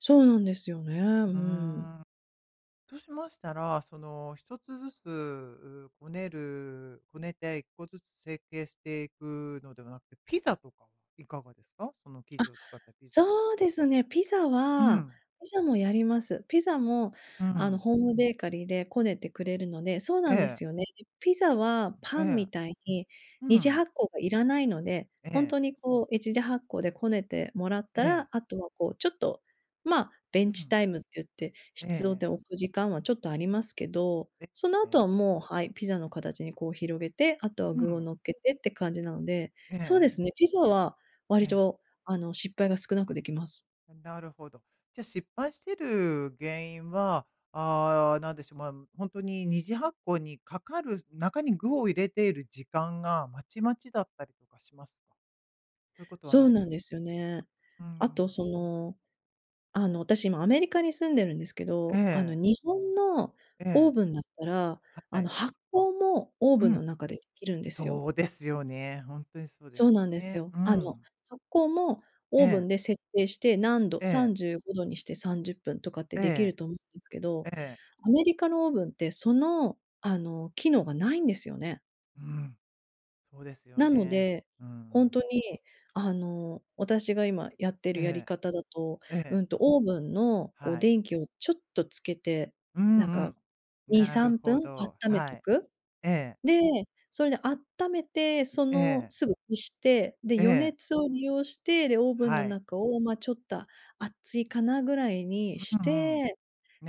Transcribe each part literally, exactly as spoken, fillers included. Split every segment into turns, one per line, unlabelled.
そうなんですよね、う
うー
ーん。
ん。そうしましたら、その、一つずつこねるこねて一個ずつ成形していくのではなくて、ピザとかはいかがですか？その生
あ、
地を使ったピザは。
そうですね、ピザ
う
は
ん。
ピザもやります。ピザも、
うー
あの、
ん。
ホームベーカリーでこねてくれるので、そう
え
なんで
え。
すよね。ピザは
え
パン
え。
みたいに
う
二次
ん。
発酵がいらないので、
え
ほん
え。
とにこう、一次発酵でこねてもらっ
え
た
え。
ら後はこう、ちょっと、まあ、ベ
う
ンチ
ん。
タイムって言って、し
え
つろ
え。
でおく時間はちょっとありますけど、
え、
その
え
後
え。
はもうはい、ピザの形にこう広げて、あとは
う
具を
ん。
乗っけてって感じなので、
ええ
そうで
ええ。
すね、ピザは
え
割
え。
と、あの、失敗が少なくできます。
あ、なるほど。じゃあ、失敗してる原因は、ああ、何でしょう、まあ、ほんとに二次発酵にかかる、中に具を入れている時間がまちまちだったりとかしますか？そういうことは
そう
ないで
なん
す。
ですよね。
ううー
あと、
ん。
その、あの、私、今アメリカに住んでるんですけ
え
ど、あの、
え。
日本の
え
オー
え。
ブンだったら、
は
あの、
い。
発酵もオー
う
ブンの
ん。
中で、きるんですよ。
そうですよね。ほんとにそうで
そ
す
う
よ
なんです
ね。
よ。
う
あの、
ん。
発酵もオーブ
ええ。
ンで設定して、何度、
え
さ
え。
んじゅうごどにしてさんじゅっぷんとかって
え
できる
え。
と思うけど、
ええ。
アメリカのオーブンって、その、あの、機能がないんですよね。
うん。そうですよ
なの
ね。
で、
うー
ほん
ん。
とに、あの、私が今やってるやり
ええ。
方だと、
え
う
え。
んと、オーブンのこう、
はい。
電気をちょっとつけて、
うん
なん
う
か
ん。
に
な
さ
る
んぷん
ほ
あっ
ど、
ため
は
と
い。
く？
ええ。
で、それであっためて、そ
え
の
え。
すぐ消して、で、予
ええ。
熱を利用して、で、オーブンの
はい。
中を、まあ、ちょった熱いかな？位に
う
し
んうん。
て、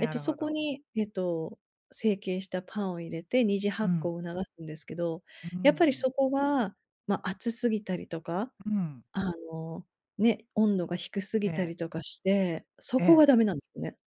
えっと、
る
そ
ほ
こ
ど。
に、えっと、成形したパンを入れて二次
う
発酵
ん。
を促すんですけど、
うん、う
やっ
ー
ぱり
ん。
そこは、ま、熱すぎたりとか、
うん。
あの、ね、温度が低す
え
ぎた
え。
りとかして、そ
え
こ
え。
がダメなんすよね。